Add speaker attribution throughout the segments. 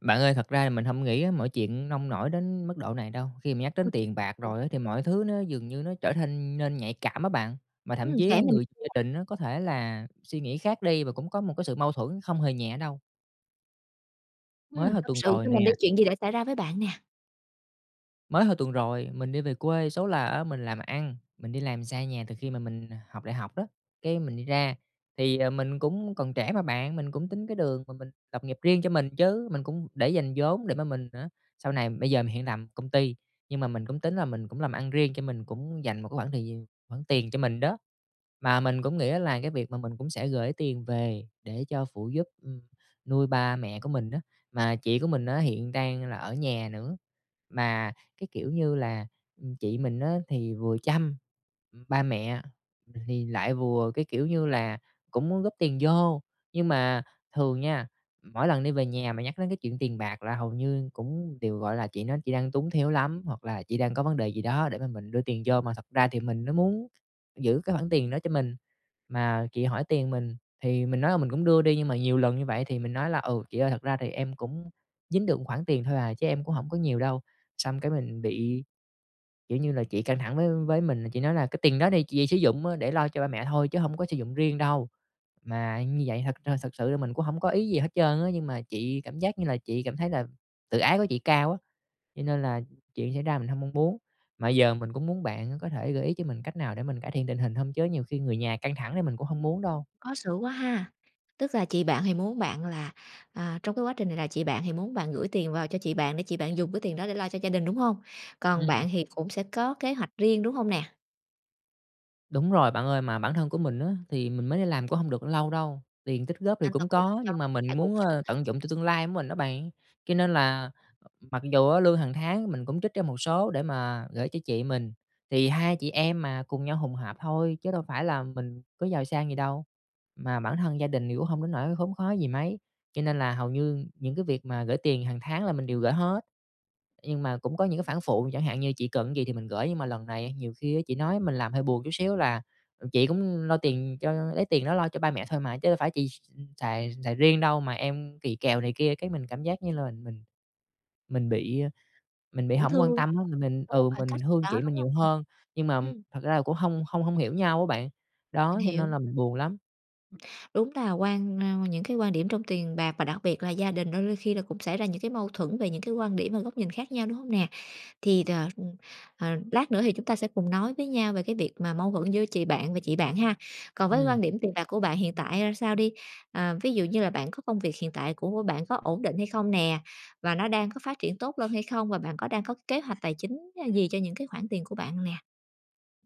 Speaker 1: Bạn ơi, thật ra là mình hông nghĩ á mọi chuyện nông nổi đến mức độ này đâu. Khi mà nhắc đến tiền bạc
Speaker 2: [unintelligible]
Speaker 1: rồi á thì mọi thứ nó dường như nó trở thanh nên nhạy cảm á bạn, mà thậm
Speaker 2: Ừm,
Speaker 1: chí
Speaker 2: kể mình
Speaker 1: người gia
Speaker 2: [unintelligible]
Speaker 1: đình nó có thể là suy nghĩ khác đi và cũng có một cái sự mâu thuẫn không hề nhẹ đâu. Mới
Speaker 2: Ừm,
Speaker 1: hơn
Speaker 2: tâm
Speaker 1: tuần
Speaker 2: sự
Speaker 1: rồi
Speaker 2: cho
Speaker 1: nè
Speaker 2: mình đi, chuyện gì đã xảy ra với bạn nè?
Speaker 1: mới hồi tuần rồi mình đi về quê, số là á mình làm ăn, mình đi làm xa nhà từ khi mà mình học đại học á. Cái mình đi ra, thì, ờ, mình cũng còn trẻ mà bạn, mình cũng tính cái đường mà mình lập nghiệp riêng cho mình chứ! Mình cũng để dành vốn để mà mình hả sau này bây giờ mình hiện làm công ty, nhưng mà mình cũng tính là mình cũng làm ăn riêng, cho mình cũng dành một cái khoảng thời giờ khoản tiền cho mình đó. Mà mình cũng nghĩ đó là cái việc mà mình cũng sẽ gửi tiền về, để cho phụ giúp, ừm, nuôi ba mẹ của mình á, mà chị của mình á hiện đang là ở nhà nữa. Mà cái kiểu như là, ừm, chị mình á thì vừa chăm ba mẹ thì thì lại vừa cái, kiểu như là, cũng muốn góp tiền vô. Nhưng mà thường nha, mỗi lần đi về nhà mà nhắc đến cái chuyện tiền bạc là hầu như cũng đều, gọi là, chị nói chị đang túng thiếu lắm, hoặc là chị đang có vấn đề gì đó để mà mình đưa tiền vô, mà thật ra thì mình nó muốn giữ cái khoản tiền đó cho mình. Mà chị hỏi tiền mình, thì mình nói là mình cũng đưa đi nhưng mà nhiều lần như vậy thì mình nói là "Ừ, chị ơi, thật ra thì em cũng dính được một khoản tiền thôi à, chứ em cũng hổng có nhiều đâu." Xong cái mình bị, kiểu như là, chị căng thẳng với với mình, chị nói là "Cái tiền đó thì chị sử dụng á để lo cho ba mẹ thôi, chứ hông có sử dụng riêng đâu." Mà như vậy thật thật thật sự mình cũng hông có ý gì hết trơn á, nhưng mà chị cảm giác như là chị cảm thấy là tự ái của chị cao á. Cho nên là, chuyện xảy ra mình hông mong muốn, mà giờ mình cũng muốn bạn có thể gợi ý cho mình cách nào để mình cải thiện tình hình hông? Chứ nhiều khi người nhà căng thẳng thì mình cũng hông muốn đâu.
Speaker 2: Khó xử quá ha! Tức là chị bạn thì muốn bạn là, à, trong cái quá trình này là chị bạn thì muốn bạn gửi tiền vào cho chị bạn để chị bạn dùng cái tiền đó để lo cho gia đình, đúng hông? Còn
Speaker 1: Ừm.
Speaker 2: bạn thì cũng sẽ có kế hoạch riêng, đúng hông nè?
Speaker 1: Đúng rồi bạn ơi, mà bản thân của mình á thì mình mới đi làm cũng hông được lâu đâu, tiền tích góp thì
Speaker 2: Nên là
Speaker 1: cũng
Speaker 2: cũng phải
Speaker 1: có,
Speaker 2: cho
Speaker 1: nhưng mà
Speaker 2: trang
Speaker 1: mình
Speaker 2: trải cuộc
Speaker 1: muốn,
Speaker 2: sống
Speaker 1: ơ,
Speaker 2: á.
Speaker 1: tận dụng cho tương lai mình á bạn. Cho nên là mặc dù á lương hàng tháng mình cũng trích ra một số để mà gởi cho chị mình thì hai chị em mà cùng nhau hùng hạp thôi, chứ đâu phải là mình có giàu sang gì đâu, mà bản thân gia đình thì cũng hông đến nỗi khốn khó gì mấy, cho nên là hầu như những cái việc mà gởi tiền hàng tháng là mình đều gởi hết. Nhưng mà cũng có những cái phản phụ chẳng hạn như chị cần cái gì thì mình gởi, nhưng mà lần này nhiều khi á chị nói mình làm hơi buồn chút xíu là "Ờ, chị cũng lo tiền cho lấy tiền đó lo cho ba mẹ thôi mà, chứ đâu phải chị x ừm, xài xài riêng đâu mà em kỳ kèo này kia", cái mình cảm giác như là mình mình mình bị mình bị
Speaker 2: Cũng
Speaker 1: hổng
Speaker 2: thương,
Speaker 1: quan tâm
Speaker 2: [unintelligible]
Speaker 1: á, mình mình
Speaker 2: có một
Speaker 1: ừ,
Speaker 2: khoảng
Speaker 1: mình
Speaker 2: cách gì
Speaker 1: thương
Speaker 2: đó,
Speaker 1: chị
Speaker 2: đúng
Speaker 1: mình
Speaker 2: hông?
Speaker 1: nhiều hơn, nhưng mà
Speaker 2: Ừm.
Speaker 1: thật ra là cũng hông hông hông hiểu nhau á bạn.
Speaker 2: Mình
Speaker 1: Đó cho
Speaker 2: hiểu.
Speaker 1: nên là mình buồn lắm.
Speaker 2: Đúng là quan, ơ, những cái quan điểm trong tiền bạc và đặc biệt là gia đình đôi đôi khi là cũng xảy ra những cái mâu thuẫn về những cái quan điểm và góc nhìn khác nhau, đúng hông nè? Thì đ ờ, lát nữa thì chúng ta sẽ cùng nói với nhau về cái việc mà mâu thuẫn giữa chị bạn và chị bạn ha. Còn với
Speaker 1: Ừm.
Speaker 2: quan điểm tiền bạc của bạn hiện tại ra sao đi, à, ví dụ như là bạn có công việc hiện tại của của bạn có ổn định hay không nè? Và nó đang có phát triển tốt lên hay không? Và bạn có đang có kế hoạch tài chính gì cho những cái khoản tiền của bạn nè?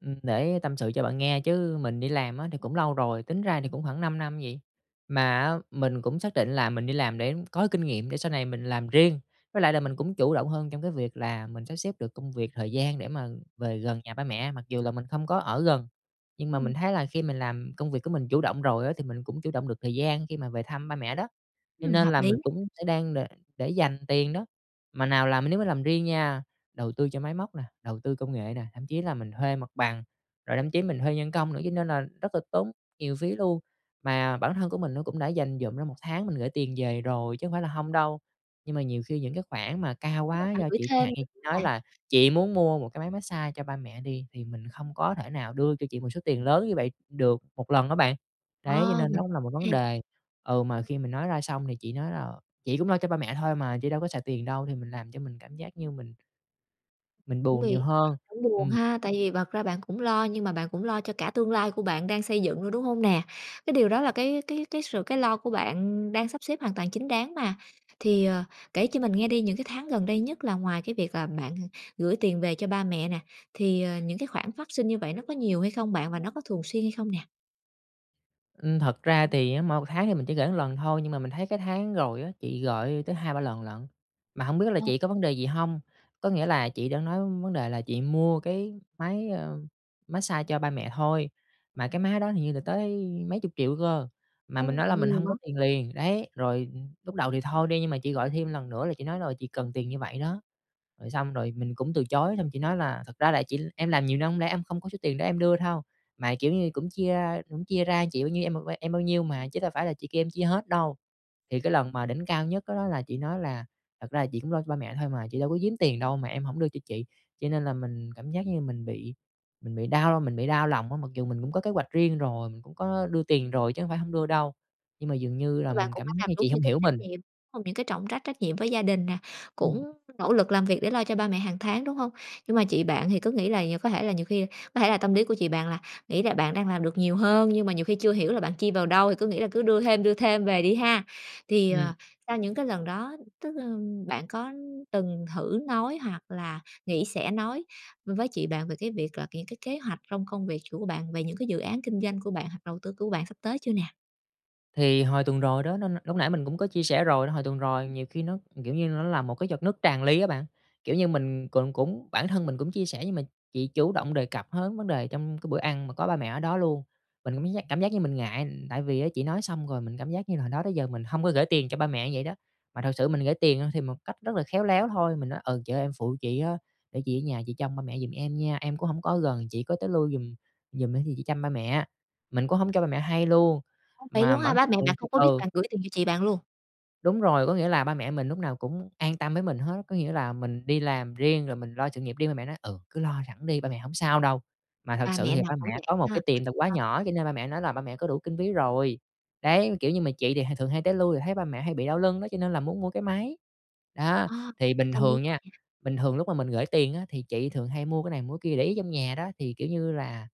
Speaker 1: Ừm, để tâm sự cho bạn nghe chứ mình đi làm á, thì cũng lâu rồi, tính ra thì cũng khoảng 5 năm gì. Mà á, mình cũng xác định là mình đi làm để có kinh nghiệm để sau này mình làm riêng. Với lại là mình cũng chủ động hơn trong cái việc là mình sắp xếp được công việc, thời gian để mà về gần nhà ba mẹ mặc dù là mình không có ở gần. Nhưng mà
Speaker 2: Ừm.
Speaker 1: mình thấy là khi mình làm công việc của mình chủ động rồi á, thì mình cũng chủ động được thời gian khi mà về thăm ba mẹ đó. Cho
Speaker 2: Ừm,
Speaker 1: nên
Speaker 2: hợp
Speaker 1: là
Speaker 2: lý.
Speaker 1: mình cũng sẽ đang đ để dành tiền đó. Mà nào làm nếu mà làm riêng nha, đầu tư cho máy móc nè, đầu tư công nghệ nè, thậm chí là mình thuê mặt bằng rồi thậm chí mình thuê nhân công nữa, cho nên là rất là tốn nhiều phí luôn. Mà bản thân của mình nó cũng đã dành dụm ra 1 tháng mình gửi tiền về rồi chứ hông phải là hông đâu. Nhưng mà nhiều khi những cái khoản mà cao
Speaker 2: Chứ đâu
Speaker 1: quá
Speaker 2: phải
Speaker 1: do
Speaker 2: gửi
Speaker 1: chị chẳng
Speaker 2: thêm
Speaker 1: hạn như
Speaker 2: nữa
Speaker 1: chị
Speaker 2: [unintelligible]
Speaker 1: nói
Speaker 2: bạn.
Speaker 1: là "Chị muốn mua một cái máy mát xa cho ba mẹ" đi, thì mình không có thể nào đưa cho chị một số tiền lớn như vậy được 1 lần á bạn. Đấy, cho
Speaker 2: Ờ,
Speaker 1: nên nó
Speaker 2: mình
Speaker 1: cũng là một vấn
Speaker 2: hiểu nè.
Speaker 1: đề, ừ, mà khi mình nói ra xong thì chị nói là "Chị cũng lo cho ba mẹ thôi mà, chị đâu có xài tiền đâu!" Thì mình làm cho mình cảm giác như mình mình
Speaker 2: Cũng
Speaker 1: buồn nhiều
Speaker 2: vì
Speaker 1: hơn.
Speaker 2: cũng buồn
Speaker 1: Ừm.
Speaker 2: ha, tại vì bật ra bạn cũng lo, nhưng mà bạn cũng lo cho cả tương lai của bạn đang xây dựng luôn, đúng hông nè? Cái điều đó là cái cái cái sự cái lo của bạn đang sắp xếp hoàn toàn chính đáng mà. Thì, ờ, kể cho mình nghe đi, những cái tháng gần đây nhất là ngoài cái việc là bạn gửi tiền về cho ba mẹ nè, thì, ờ, những cái khoản phát sinh như vậy nó có nhiều hay không bạn và nó có thường xuyên hay không nè?
Speaker 1: Ừm. Thật ra thì á, mỗi một tháng thì mình chỉ gửi lần thôi, nhưng mà mình thấy cái tháng rồi á, chị gọi tới 2-3 lần lận. Mà hổng biết là
Speaker 2: Ờ.
Speaker 1: chị có vấn đề gì hông. Có nghĩa là chị đã nói vấn đề là chị mua cái máy, à, mát xa cho ba mẹ thôi, mà cái máy đó hình như là tới mấy chục triệu cơ, mà mình
Speaker 2: Ô,
Speaker 1: nói
Speaker 2: bị
Speaker 1: là mình
Speaker 2: nhiều
Speaker 1: hông
Speaker 2: quá
Speaker 1: có tiền
Speaker 2: [unintelligible]
Speaker 1: liền, đấy. Rồi lúc đầu thì thôi đi, nhưng mà chị gọi thêm lần nữa là chị nói, ờ, chị cần tiền như vậy đó. Rồi xong rồi mình cũng từ chối, xong chị nói là "Thật ra là chị em làm nhiều năm hông lẽ em không có số tiền để em đưa thâu. Mà kiểu như cũng chia, a, cũng chia ra chị bao nhiêu, em em bao nhiêu mà, chứ đâu phải là chị kêu em chia hết đâu." Thì cái lần mà đỉnh cao nhất đó đó là chị nói là "Thật ra là chị cũng lo cho ba mẹ thôi mà, chị đâu có giếm tiền đâu mà em hổng đưa cho chị." Cho nên là mình cảm giác như mình bị mình bị đau mình bị đau lòng á, mặc dù mình cũng có kế hoạch riêng rồi, mình cũng có đưa tiền rồi chứ hông phải hổng đưa đâu. Nhưng mà dường như là
Speaker 2: Bạn
Speaker 1: mình
Speaker 2: cũng
Speaker 1: cảm
Speaker 2: đã
Speaker 1: giác
Speaker 2: làm
Speaker 1: như
Speaker 2: đúng
Speaker 1: chị
Speaker 2: những
Speaker 1: hông
Speaker 2: cái
Speaker 1: hiểu
Speaker 2: trách
Speaker 1: mình.
Speaker 2: nhiệm, đúng hông? Những cái trọng trách trách nhiệm với gia đình nè,
Speaker 1: Ừm.
Speaker 2: cũng nỗ lực làm việc để lo cho ba mẹ hàng tháng, đúng hông? Nhưng mà chị bạn thì cứ nghĩ là nh có thể là nhiều khi có thể là tâm lý của chị bạn là nghĩ là bạn đang làm được nhiều hơn, nhưng mà nhiều khi chưa hiểu là bạn chi vào đâu thì cứ nghĩ là cứ đưa thêm, đưa thêm về đi ha. Thì,
Speaker 1: Ừm.
Speaker 2: ờ, sau những cái lần đó, tức, ơ, bạn có từng thử nói hoặc là nghĩ sẽ nói với chị bạn về cái việc là những cái kế hoạch trong công việc của bạn, về những cái dự án kinh doanh của bạn hoặc đầu tư của bạn sắp tới chưa nè?
Speaker 1: Thì hồi tuần rồi đó nó nó lúc nãy mình cũng có chia sẻ rồi đó, hồi tuần rồi nhiều khi nó kiểu như, nó là một cái giọt nước tràn ly á bạn, kiểu như, mình cũng cũng bản thân mình cũng chia sẻ nhưng mà chị chủ động đề cập hớn vấn đề trong cái bữa ăn mà có ba mẹ ở đó luôn, mình cũng cảm giác cảm giác như mình ngại, ừm, tại vì á chị nói xong rồi mình cảm giác như là hồi đó tới giờ mình hông có gởi tiền cho ba mẹ như vậy đó. Mà thật sự mình gởi tiền, ơ, thì một cách rất là khéo léo thôi, mình nói: “Ừ, chị ơi em phụ chị á, để chị ở nhà chị chăm ba mẹ giùm em nha, em cũng hổng có ở gần, chị có tới lui giùm giùm á thì chị chăm ba mẹ.” Mình cũng hổng cho ba mẹ hay luôn,
Speaker 2: Ơ, vậy
Speaker 1: mà
Speaker 2: luôn á ha!
Speaker 1: vẫn
Speaker 2: Ba mẹ
Speaker 1: ừ
Speaker 2: bạn không có biết
Speaker 1: ừ.
Speaker 2: bạn gửi tiền cho chị bạn luôn?
Speaker 1: Đúng rồi, có nghĩa là ba mẹ mình lúc nào cũng an tâm với mình hết. Có nghĩa là mình đi làm riêng rồi mình lo sự nghiệp riêng, ba mẹ nói: “Ừ, cứ lo sẵn đi, ba mẹ hổng sao đâu.” Mà thực
Speaker 2: Ba
Speaker 1: sự
Speaker 2: mẹ
Speaker 1: thì
Speaker 2: nào
Speaker 1: ba
Speaker 2: cũng
Speaker 1: mẹ
Speaker 2: vậy
Speaker 1: có một
Speaker 2: ha!
Speaker 1: cái tiệm tạp hóa
Speaker 2: À.
Speaker 1: nhỏ cho nên ba mẹ nói là ba mẹ có đủ kinh phí rồi. Đấy, kiểu như, mà chị thì h thường hay tới lui rồi thấy ba mẹ hay bị đau lưng đó cho nên là muốn mua cái máy. Đó,
Speaker 2: A,
Speaker 1: thì bình
Speaker 2: cầm luôn.
Speaker 1: thường nha
Speaker 2: Vậy hả?
Speaker 1: bình thường lúc mà mình gởi tiền á thì chị thường hay mua cái này, mua cái kia để ý trong nhà đó, thì, kiểu như là,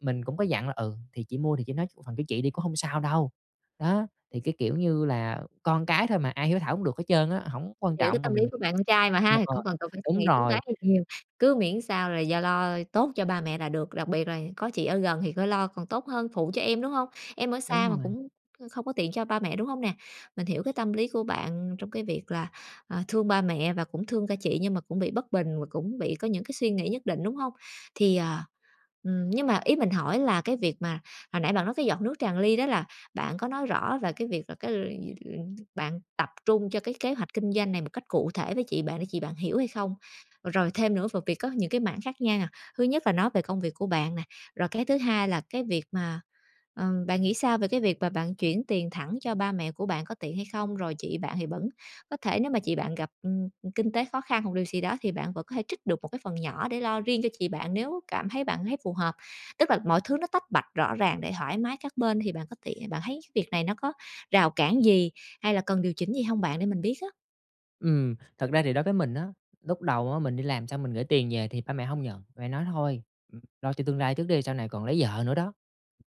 Speaker 1: mình cũng có dặn là: “Ừ, thì chị mua thì chị nói phần của chị đi cũng hông sao đâu.” Đó, thì, cái kiểu như là, con cái thôi mà ai hiếu thảo cũng được hết trơn á, hổng quan
Speaker 2: Hiểu cái
Speaker 1: trọng mà
Speaker 2: tâm lý
Speaker 1: mình
Speaker 2: của bạn con trai mà
Speaker 1: ờ, m
Speaker 2: ha, thì
Speaker 1: ờ,
Speaker 2: hổng cần cần phải suy
Speaker 1: đúng
Speaker 2: nghĩ tính
Speaker 1: rồi.
Speaker 2: toán gì nhiều, cứ miễn sao là do lo tốt cho ba mẹ là được, đặc biệt là có chị ở gần thì có lo còn tốt hơn phụ cho em, đúng hông? Em ở
Speaker 1: Đúng
Speaker 2: xa mà
Speaker 1: rồi.
Speaker 2: cũng, ơ, không có tiện cho ba mẹ, đúng hông nè? Mình hiểu cái tâm lý của bạn trong cái việc là, à, thương ba mẹ và cũng thương cả chị nhưng mà cũng bị bất bình và cũng bị có những cái suy nghĩ nhất định, đúng hông? Thì, à, ừm, nhưng mà ý mình hỏi là cái việc mà, hồi nãy bạn nói cái giọt nước tràn ly đó là bạn có nói rõ là cái việc là cái luyện gi bạn tập trung cho cái kế hoạch kinh doanh này một cách cụ thể với chị bạn để chị bạn hiểu hay không? Rồi thêm nữa về việc có những cái mảng khác nha. Thứ nhất là nói về công việc của bạn nè, rồi cái thứ hai là cái việc mà ừm, bạn nghĩ sao về cái việc mà bạn chuyển tiền thẳng cho ba mẹ của bạn có tiện hay không, rồi chị bạn thì vẫn có thể nếu mà chị bạn gặp, ừm, kinh tế khó khăn hoặc điều gì đó thì bạn vẫn có thể trích được một cái phần nhỏ để lo riêng cho chị bạn nếu cảm thấy bạn thấy phù hợp. Tức là mọi thứ nó tách bạch rõ ràng để thoải mái các bên thì bạn có tiện bạn thấy cái việc này nó có rào cản gì hay là cần điều chỉnh gì hông bạn để mình biết á?
Speaker 1: Ừm, thật ra thì đối với mình á, lúc đầu á mình đi làm xong mình gửi tiền về thì ba mẹ hông nhận, ba mẹ nói: "Thôi, ừm, lo cho tương lai trước đi, sau này còn lấy vợ nữa đó,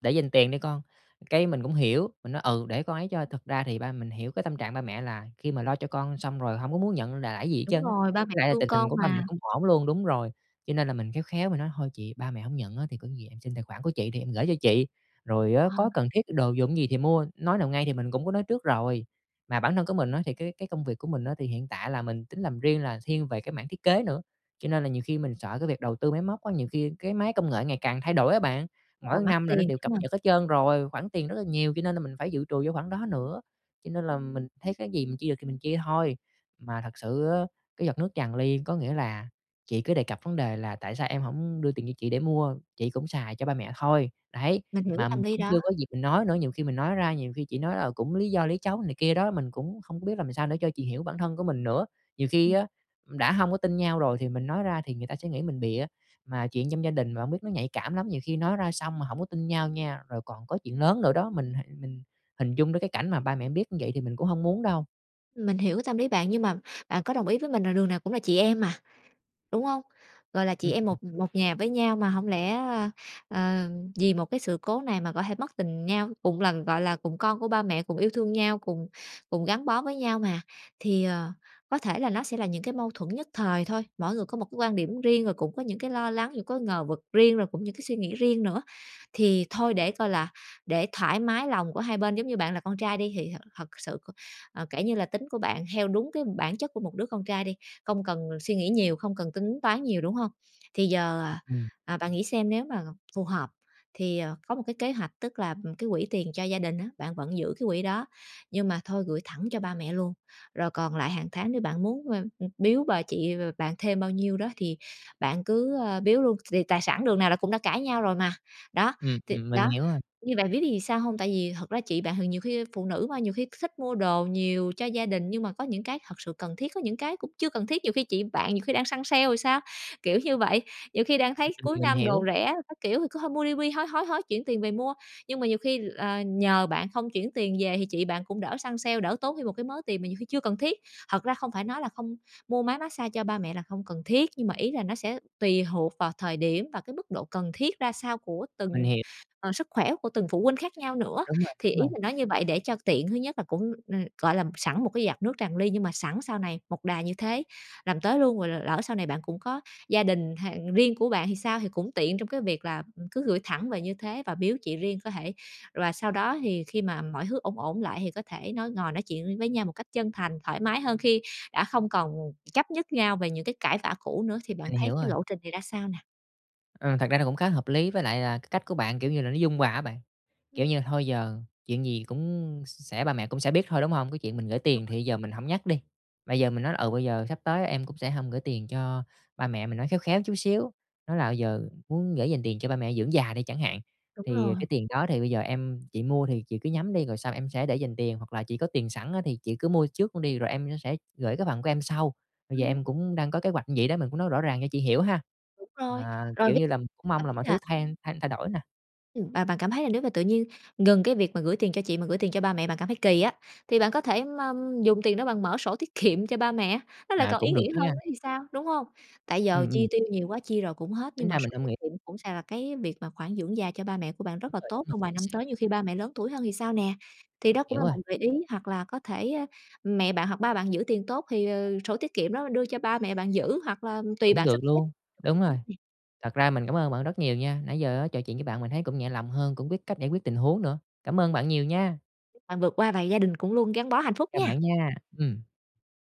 Speaker 1: để dành tiền đi con". Cái mình cũng hiểu, mình nói: "Ừ, để con ấy cho". Thật ra thì ba mình hiểu cái tâm trạng ba mẹ là khi mà lo cho con xong rồi hông có muốn nhận l lại gì hết trơn
Speaker 2: Đúng
Speaker 1: á.
Speaker 2: rồi, ba mẹ
Speaker 1: Với lại là,
Speaker 2: thương
Speaker 1: tình hình
Speaker 2: con
Speaker 1: của ba mẹ
Speaker 2: mà.
Speaker 1: cũng ổn luôn, đúng rồi, cho nên là mình khéo khéo mình nói: "Thôi chị, ba mẹ hổng nhận á thì có gì em xin tài khoản của chị thì em gửi cho chị, rồi á
Speaker 2: Ờ.
Speaker 1: có cần thiết đồ dùng gì thì mua." Nói nào ngay thì mình cũng có nói trước rồi, mà bản thân của mình á thì cái cái công việc của mình á thì hiện tại là mình tính làm riêng là thiên về cái mảng thiết kế nữa, cho nên là nhiều khi mình sợ cái việc đầu tư máy móc á, nhiều khi cái máy công nghệ ngày càng thay đổi á bạn,
Speaker 2: Đúng rồi,
Speaker 1: mỗi
Speaker 2: mắc
Speaker 1: năm là nó
Speaker 2: tiền
Speaker 1: đều cập
Speaker 2: ha.
Speaker 1: nhật hết trơn rồi, khoản tiền rất là nhiều, cho nên là mình phải dự trù vô khoản đó nữa, cho nên là mình thấy cái gì mình chia được thì mình chia thôi. Mà thật sự á, cái giọt nước tràn ly có nghĩa là, chị cứ đề cập vấn đề là "Tại sao em hổng đưa tiền cho chị để mua, chị cũng xài cho ba mẹ thôi", đấy.
Speaker 2: Mình hiểu
Speaker 1: Mà mình
Speaker 2: tâm lý
Speaker 1: cũng
Speaker 2: đó.
Speaker 1: chưa có dịp mình nói nữa, nhiều khi mình nói ra, nhiều khi chị nói "Ờ, cũng lý do lý trấu" này kia đó, mình cũng không có biết làm sao nữa cho chị hiểu bản thân của mình nữa. Nhiều khi
Speaker 2: Ừm.
Speaker 1: á, đã hông có tin nhau rồi thì mình nói ra thì người ta sẽ nghĩ mình bịa, mà chuyện trong gia đình mà hông biết nó nhạy cảm lắm, nhiều khi nói ra xong mà hổng có tin nhau nha, rồi còn có chuyện lớn nữa đó, mình h mình hình dung đến cái cảnh mà ba mẹ biết như vậy thì mình cũng hông muốn đâu.
Speaker 2: Mình hiểu cái tâm lý bạn nhưng mà bạn có đồng ý với mình là đường nào cũng là chị em mà, đúng hông? Gọi là, chị em
Speaker 1: Ừm.
Speaker 2: một một nhà với nhau mà hổng lẽ, ơ, ờ, vì một cái sự cố này mà có thể mất tình nhau. Cùng lần, gọi là, cùng con của ba mẹ, cùng yêu thương nhau, cùng cùng gắn bó với nhau mà, thì, ờ, có thể là nó sẽ là những cái mâu thuẫn nhất thời thôi. Mỗi người có một cái quan điểm riêng rồi cũng có những cái lo lắng, những có ngờ vực riêng rồi cũng những cái suy nghĩ riêng nữa. Thì thôi để coi là để thoải mái lòng của hai bên. Giống như bạn là con trai đi thì thật thật sự c ờ, kể như là tính của bạn theo đúng cái bản chất của một đứa con trai đi, không cần suy nghĩ nhiều, không cần tính toán nhiều, đúng hông? Thì giờ, ờ,
Speaker 1: Ừm.
Speaker 2: à, bạn nghĩ xem nếu mà phù hợp, thì, ờ, có một cái kế hoạch, tức là, ừm, cái quỹ tiền cho gia đình á, bạn vẫn giữ cái quỹ đó, nhưng mà thôi gửi thẳng cho ba mẹ luôn. Rồi còn lại hàng tháng nếu bạn muốn, a, ừ, biếu bà chị b-b bạn thêm bao nhiêu đó thì bạn cứ, ơ, biếu luôn, thì tài sản đường nào là cũng đã cãi nhau rồi mà. Đó,
Speaker 1: Ừm,
Speaker 2: thì
Speaker 1: ừm, mình
Speaker 2: đó,
Speaker 1: hiểu rồi.
Speaker 2: như bạn biết biết vì sao hông? Tại vì thật ra chị bạn thì nhiều khi phụ nữ mà, nhiều khi thích mua đồ nhiều cho gia đình nhưng mà có những cái thật sự cần thiết, có những cái cũng chưa cần thiết. Nhiều khi chị bạn nhiều khi đang săn sale thì sao, kiểu như vậy. Nhiều khi đang
Speaker 1: Ừ,
Speaker 2: thấy
Speaker 1: ừm,
Speaker 2: cuối
Speaker 1: mình
Speaker 2: năm đồ
Speaker 1: hiểu.
Speaker 2: rẻ các kiểu thì cứ thôi mua đi, mua đi, hối, hối, hối chuyển tiền về mua, nhưng mà nhiều khi là nhờ bạn không chuyển tiền về thì chị bạn cũng đỡ săn sale, đỡ tốn thêm một cái mớ tiền mà nhiều khi chưa cần thiết. Thật ra không phải nói là không mua máy mát xa cho ba mẹ là không cần thiết, nhưng mà ý là nó sẽ tùy thuộc vào thời điểm và cái mức độ cần thiết ra sao của
Speaker 1: Mình
Speaker 2: từng,
Speaker 1: hiểu.
Speaker 2: ờ, sức khỏe của từng phụ huynh khác nhau nữa.
Speaker 1: Đúng rồi,
Speaker 2: Thì
Speaker 1: đúng
Speaker 2: ý
Speaker 1: rồi.
Speaker 2: mình nói như vậy để cho tiện, thứ nhất là cũng, ừm, gọi là, sẵn một cái giọt nước tràn ly, nhưng mà sẵn sau này một đà như thế làm tới luôn. Rồi l lỡ sau này bạn cũng có gia đình h riêng của bạn thì sao? Thì cũng tiện trong cái việc là, ừm, cứ gửi thẳng về như thế và biếu chị riêng có thể. Và sau đó thì khi mà mọi hứ ổn ổn lại thì có thể nói, ngồi nói chuyện với nhau một cách chân thành, thoải mái hơn khi đã không còn chấp nhất nhau về những cái cãi vã cũ nữa. Thì bạn
Speaker 1: Mình
Speaker 2: thấy
Speaker 1: hiểu
Speaker 2: cái
Speaker 1: rồi.
Speaker 2: lộ trình này ra sao nè?
Speaker 1: Ừ, thật ra là cũng khá hợp lý với lại là, à, cái cách của bạn, kiểu như là, nó dung hòa á bạn. Kiểu
Speaker 2: Ừm.
Speaker 1: như, thôi giờ chuyện gì cũng s sẽ ba mẹ cũng sẽ biết thôi, đúng hông? Cái chuyện mình gửi tiền
Speaker 2: [unintelligible]
Speaker 1: thì giờ mình hổng nhắc đi. Mà giờ mình nói: "Ừ, bây giờ sắp tới em cũng sẽ hông gửi tiền cho ba mẹ", mình nói khéo khéo chút xíu. Nói là giờ muốn gửi dành tiền cho ba mẹ dưỡng già đi chẳng hạn,
Speaker 2: Đúng
Speaker 1: thì ,à,
Speaker 2: rồi.
Speaker 1: "Cái tiền đó thì bây giờ em chị mua thì chị cứ nhắm đi rồi xong em sẽ để dành tiền, hoặc là chị có tiền sẵn á, thì chị cứ mua trước luôn đi rồi em sẽ gửi cái phần của em sau. Bây giờ
Speaker 2: Ừm.
Speaker 1: em cũng đang có kế hoạch vậy đó." Mình cũng nói rõ ràng cho chị hiểu ha.
Speaker 2: Đúng rồi,
Speaker 1: Mà,
Speaker 2: rồi
Speaker 1: kiểu
Speaker 2: [unintelligible]
Speaker 1: như là, cũng mong
Speaker 2: cảm
Speaker 1: là
Speaker 2: thấy
Speaker 1: mọi thứ
Speaker 2: là
Speaker 1: thay thay thay đổi nè.
Speaker 2: Ừm, và bạn cảm thấy là nếu mà tự nhiên ngừng cái việc mà gửi tiền cho chị mà gửi tiền cho ba mẹ, bạn cảm thấy kỳ á, thì bạn có thể ma dùng tiền đó bạn mở sổ tiết kiệm cho ba mẹ, nó lại
Speaker 1: À,
Speaker 2: còn ý
Speaker 1: cũng được
Speaker 2: nghĩa hơn
Speaker 1: ha.
Speaker 2: nữa thì sao, đúng hông? Tại giờ
Speaker 1: Ừm,
Speaker 2: chi
Speaker 1: ừm.
Speaker 2: tiêu nhiều quá, chi rồi cũng hết,
Speaker 1: Tính
Speaker 2: nhưng mà
Speaker 1: ra mình
Speaker 2: sổ
Speaker 1: hông
Speaker 2: tiết
Speaker 1: nghĩ
Speaker 2: kiệm cũng sẽ là cái việc mà khoản dưỡng già cho ba mẹ của bạn rất
Speaker 1: Đúng
Speaker 2: là
Speaker 1: rồi, đúng
Speaker 2: tốt
Speaker 1: rồi,
Speaker 2: trong vài
Speaker 1: chính
Speaker 2: năm
Speaker 1: xác.
Speaker 2: tới, nhiều khi ba mẹ lớn tuổi hơn thì sao nè? Thì đó cũng
Speaker 1: Hiểu
Speaker 2: là
Speaker 1: rồi.
Speaker 2: một gợi ý, hoặc là có thể, ơ, mẹ bạn hoặc ba bạn giữ tiền tốt thì, ờ, sổ tiết kiệm đó đưa cho ba mẹ bạn giữ hoặc là tùy
Speaker 1: Cũng
Speaker 2: bạn sắp
Speaker 1: được
Speaker 2: xếp
Speaker 1: luôn, đúng rồi.
Speaker 2: [unintelligible]
Speaker 1: Thật ra mình cảm ơn bạn rất nhiều nha. Nãy giờ á, trò chuyện với bạn mình thấy cũng nhẹ lòng hơn, cũng biết cách giải quyết tình huống nữa. Cảm ơn bạn nhiều nha.
Speaker 2: Chúc bạn vượt qua và gia đình cũng luôn gắn bó hạnh phúc
Speaker 1: Chào
Speaker 2: nha.
Speaker 1: bạn nha, ừm.